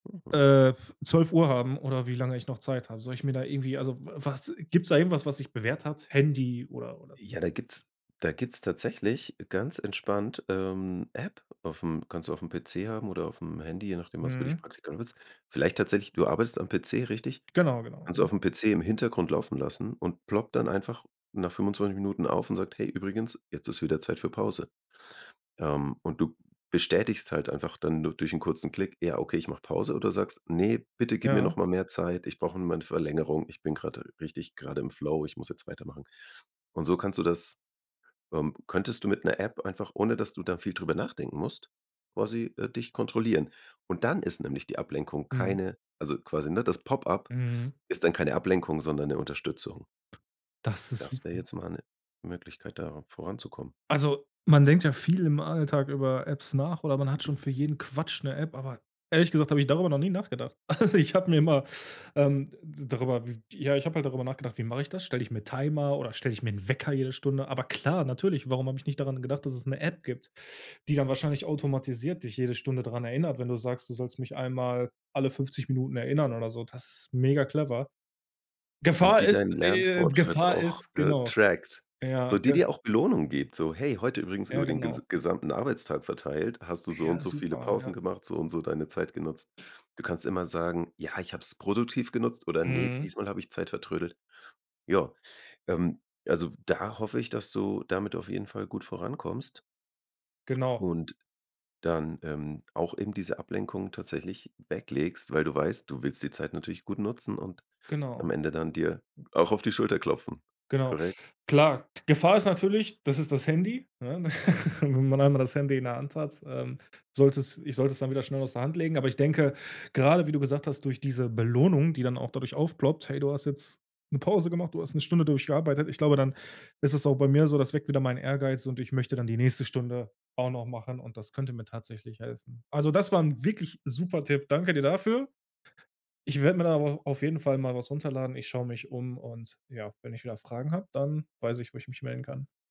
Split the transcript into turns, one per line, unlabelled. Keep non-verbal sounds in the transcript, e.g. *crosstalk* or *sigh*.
Mhm.
Äh, f 12:00 haben oder wie lange ich noch Zeit habe? Soll ich mir da irgendwie also w was gibt's da irgendwas, was sich bewährt hat? Handy oder oder?
Ja, da gibt's da gibt's tatsächlich ganz entspannt, ähm, App aufm kannst du aufm PC haben oder aufm Handy, je nachdem, was für dich
Mhm.
praktikabel ist. Vielleicht tatsächlich du arbeitest am PC, richtig?
Genau, genau.
Kannst du
Mhm.
aufm PC im Hintergrund laufen lassen und ploppt dann einfach nach 25 Minuten auf und sagt: „Hey, übrigens, jetzt ist wieder Zeit für Pause.“ Ähm, und du bestätigst halt einfach dann du durch 'n kurzen Klick: „Ja, okay, ich mache Pause“- oder sagst: „Ne, bitte gib mir noch
Ja.
mal mehr Zeit, ich brauche noch mal 'ne Verlängerung, ich bin grade richtig grade im Flow, ich muss jetzt weitermachen.“ Und so kannst du das ähm, könntest du mit 'ner App einfach, ohne dass du da viel drüber nachdenken musst, quasi, äh, dich kontrollieren. Und dann ist nämlich die Ablenkung
Mhm.
keine also quasi, ne, das Pop-up
Mhm.
ist dann keine Ablenkung, sondern 'ne Unterstützung.
Das ist
Das wär
super.
jetzt mal 'ne Möglichkeit, da voranzukommen.
Also, man denkt ja viel im Alltag über Apps nach oder man hat schon für jeden Quatsch 'ne App, aber ehrlich gesagt habe ich darüber noch nie nachgedacht. Also ich habe mir immer, ähm da darüber w ja, ich habe halt darüber nachgedacht: „Wie mache ich das? Stell ich mir Timer oder stell ich mir 'n Wecker jede Stunde?“ Aber klar, natürlich, warum habe ich nicht daran gedacht, dass es 'ne App gibt, die dann wahrscheinlich automatisiert dich jede Stunde dran erinnert, wenn du sagst: „Du sollst mich einmal alle 50 Minuten erinnern“ oder so? Das ist megaclever.
Und
Gefahr
die
ist
deinen
äh,
Lernfortschritt
Gefahr
auch,
ist,
äh,
genau.
trackt, so
Ja,
die
g
dir auch Belohnung gibt, so: „Hey, heute übrigens,
Ja,
über den
genau.
ges gesamten Arbeitstag verteilt, hast du so und
Ja,
so viele
super, ja.
Pausen gemacht, so und so deine Zeit genutzt.“ Du kannst immer sagen: „Ja, ich habe es produktiv genutzt“ oder „Ne,
Mhm.
diesmal habe ich Zeit vertrödelt“. Ja, ähm, also da hoffe ich, dass du damit auf jeden Fall gut vorankommst
Genau.
und dann, ähm, auch eben diese Ablenkung tatsächlich weglegst, weil du weißt, du willst die Zeit natürlich gut nutzen und
Genau.
am Ende dann dir auch auf die Schulter klopfen.
Genau.
Korrekt.
Klar. Gefahr ist natürlich, das ist das Handy, ne? *laughs* Wenn man einmal das Handy in der Hand hat, ähm, solltest ich sollte es dann wieder schnell aus der Hand legen. Aber ich denke, gerade wie du gesagt hast, durch diese Belohnung, die dann auch dadurch aufploppt: „Hey, du hast jetzt 'ne Pause gemacht, du hast 'ne Stunde durchgearbeitet.“ Ich glaube, dann ist es auch bei mir so, das weckt wieder meinen Ehrgeiz, so, und ich möchte dann die nächste Stunde auch noch machen, und das könnte mir tatsächlich helfen. Also, das war 'n wirklich super Tipp. Danke dir dafür. Ich werd mir da aber auf jeden Fall mal was runterladen. Ich schaue mich um und ja, wenn ich wieder Fragen hab, dann weiß ich, wo ich mich melden kann.